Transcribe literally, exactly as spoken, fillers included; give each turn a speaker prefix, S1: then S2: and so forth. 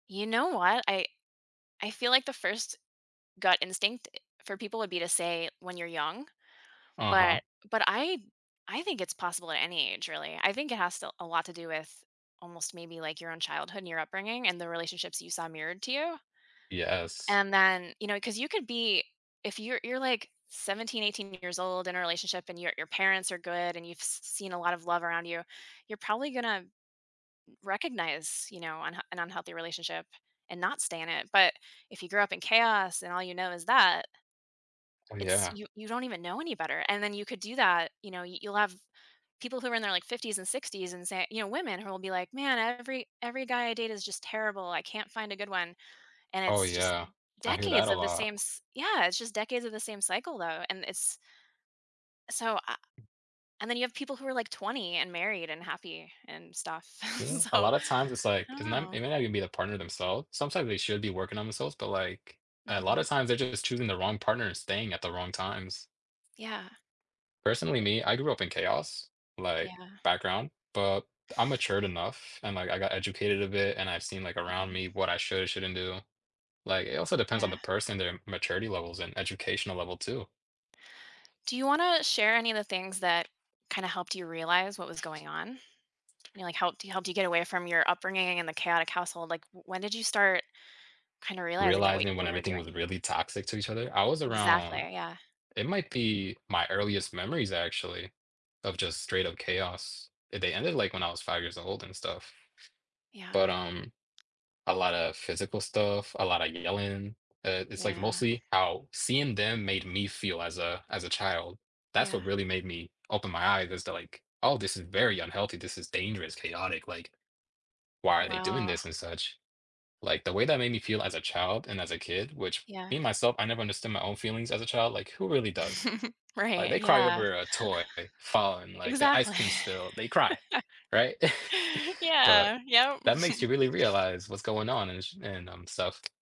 S1: You know what? I I feel like the first gut instinct i for people would be to say when you're young,
S2: Uh-huh.
S1: but but I I think it's possible at any age, really, I think it has to a lot to do with, almost, maybe, like, your own childhood, and your upbringing, and the relationships that you saw mirrored to you
S2: Yes.
S1: and then you know, 'cause you could be if you're you're, like, seventeen, eighteen years old in a relationship, and your your parents are good, and you've s seen a lot of love around you, you're probably gonna r recognize, you know, unh an unhealthy relationship and not stay in it, but if you grew up in chaos and all you know is that
S2: Oh
S1: It's
S2: yeah.
S1: you you don't even know any better, and then you could do that you know, you'll have people who are in their like, fifties and sixties and say you know, women who will be like, "Man, every every guy I date is just terrible, I can't find a good one." And
S2: Oh,
S1: it's just
S2: yeah. I hear that
S1: decades
S2: a
S1: of the
S2: lot.
S1: same s yeah, it's just decades of the same cycle, though, and it's So, I and then you have people who are, like, twenty and married, and happy, and stuff,
S2: Yeah, a
S1: so,
S2: lotta times it's,
S1: I
S2: like
S1: don't
S2: it's not
S1: know.
S2: it may not even be the partner themselves, sometimes they should be working on themselves, but, like, a lotta
S1: Mhm.
S2: times they're just choosing the wrong partner and staying at the wrong times.
S1: Yeah.
S2: Personally me, I grew up in chaos, like,
S1: Yeah.
S2: background, but I'm matured enough, and like, I got educated a bit, and I've seen, like, around
S1: Mhm.
S2: me what I should or shouldn't do. Like, it also depends on the
S1: Yeah.
S2: person, their maturity levels and educational level, too.
S1: Do you wanna share any of the things that kinda helped you realize what was going on? You know, like, helped y helped you get away from your upbringing, and the chaotic household like, w when did you start kinda realizing that wha
S2: Realizing when
S1: what you were
S2: everything
S1: doing
S2: was really toxic to each other? I was
S1: Exactly,
S2: around
S1: yeah.
S2: it might be my earliest memories, actually, of just straight up chaos. They ended, like, when I was five years old and stuff. But,
S1: Yeah.
S2: um, a lotta physical stuff, a lot of yelling, uh, it's like,
S1: Yeah.
S2: mostly how seeing them made me feel as a as a child. That's
S1: Yeah.
S2: what really made me open my eyes as to like, "Oh, this is very unhealthy, this is dangerous, chaotic," like, "Why are they doing
S1: Wow.
S2: this," and such. Like, the way that made me feel as a child, and as a kid, which,
S1: Yeah.
S2: being myself, I never understood my own feelings as a child, like, who really does? Like,
S1: Right,
S2: they cry
S1: yeah.
S2: over a toy falling like, the ice
S1: Exactly.
S2: cream spill, they cry, right? But
S1: Yeah, yep.
S2: that makes you really realize what's going on and sh and, um, stuff.